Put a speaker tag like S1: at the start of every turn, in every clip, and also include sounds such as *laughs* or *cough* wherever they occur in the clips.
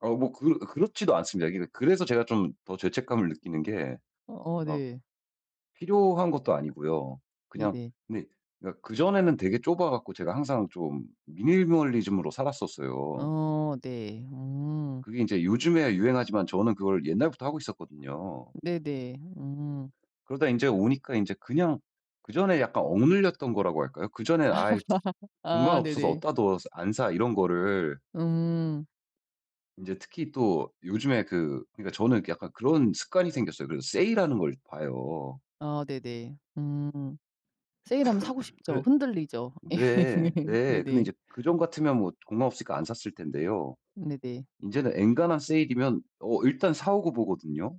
S1: 어 뭐 그 그렇지도 않습니다. 이게 그래서 제가 좀 더 죄책감을 느끼는 게
S2: 어어
S1: 막
S2: 네.
S1: 필요한 것도 아니고요. 그냥
S2: 네네.
S1: 근데 그니까 그전에는 되게 좁아 갖고 제가 항상 좀 미니멀리즘으로 살았었어요.
S2: 어 네. 음.
S1: 그게 인제 요즘에 유행하지만 저는 그걸 옛날부터 하고 있었거든요.
S2: 네네. 음.
S1: 그러다 인제 오니까 인제 그냥 그전에 약간 억눌렸던 거라고 할까요? 그 전에 "아이 *tsk*
S2: *laughs*
S1: 공간
S2: 아
S1: 없어서
S2: 네네.
S1: 어디에다 둬. 안 사." 이런 거를.
S2: 음.
S1: 인제 특히 또 요즘에 그 그니까 저는 이렇게 약간 그런 습관이 생겼어요. 그래서 세일하는 걸 봐요.
S2: 아 네네. 음. 세일하면 사고
S1: *coughs*
S2: 싶죠.
S1: 그래
S2: 흔들리죠. 예.
S1: 네.
S2: *laughs*
S1: 네. 근데
S2: 네네.
S1: 이제 그전 같으면 뭐 공간 없으니까 안 샀을 텐데요.
S2: 네네.
S1: 이제는 엔간한 세일이면 어 일단 사 오고 보거든요.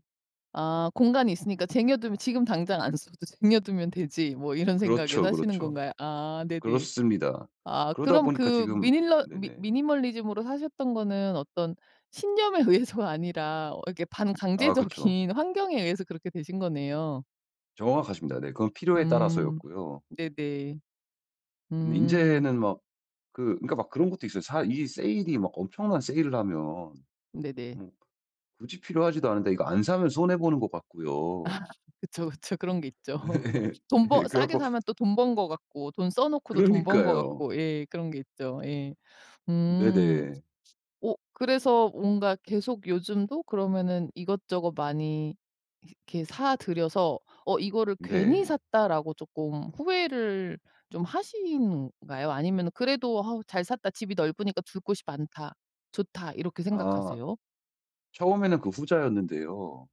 S2: 아 공간이 있으니까 쟁여두면 '지금 당장 안 써도 쟁여두면 되지, 뭐.' 이런 생각에
S1: 그렇죠,
S2: 사시는
S1: 그렇죠.
S2: 건가요? 아 네네.
S1: 그렇습니다.
S2: 아
S1: 그러다
S2: 그럼
S1: 보니까
S2: 그
S1: 지금
S2: 미닐러 미
S1: 네네.
S2: 미니멀리즘으로 사셨던 거는 어떤 신념에 의해서가 아니라 어 이렇게
S1: 아 그쵸.
S2: 반강제적인 환경에 의해서 그렇게 되신 거네요.
S1: 정확하십니다. 네. 그건 필요에 따라서
S2: 음.
S1: 였고요.
S2: 네네.
S1: 근데
S2: 음.
S1: 인제는 막 그 그러니까 막 그런 것도 있어요. 사 이 세일이 막 엄청난 세일을 하면
S2: 네네.
S1: 뭐 굳이 필요하지도 않은데 이거 안 사면 손해 보는 것
S2: 아
S1: 같고요.
S2: 그쵸, 그쵸. 그런게 있죠.
S1: 예. *laughs*
S2: *laughs* 돈 버
S1: 그래
S2: 싸게
S1: 가지고.
S2: 사면 또 돈 번 것 같고 돈 써 놓고도 돈 번 것
S1: 그러니까요.
S2: 같고 예. 그런 게 있죠. 예. 음.
S1: 네네.
S2: 오 그래서 뭔가 계속 요즘도 그러면은 이것저것 많이 이렇게 사들여서 어 '이거를 괜히
S1: 네.
S2: 샀다.'라고 쪼끔 후회를 좀 하신 가요? 아니면은 그래도 '아 잘 샀다. 집이 넓으니까 둘 곳이 많다, 좋다.' 이렇게
S1: 아
S2: 생각하세요?
S1: 처음에는 그 후자였는데요.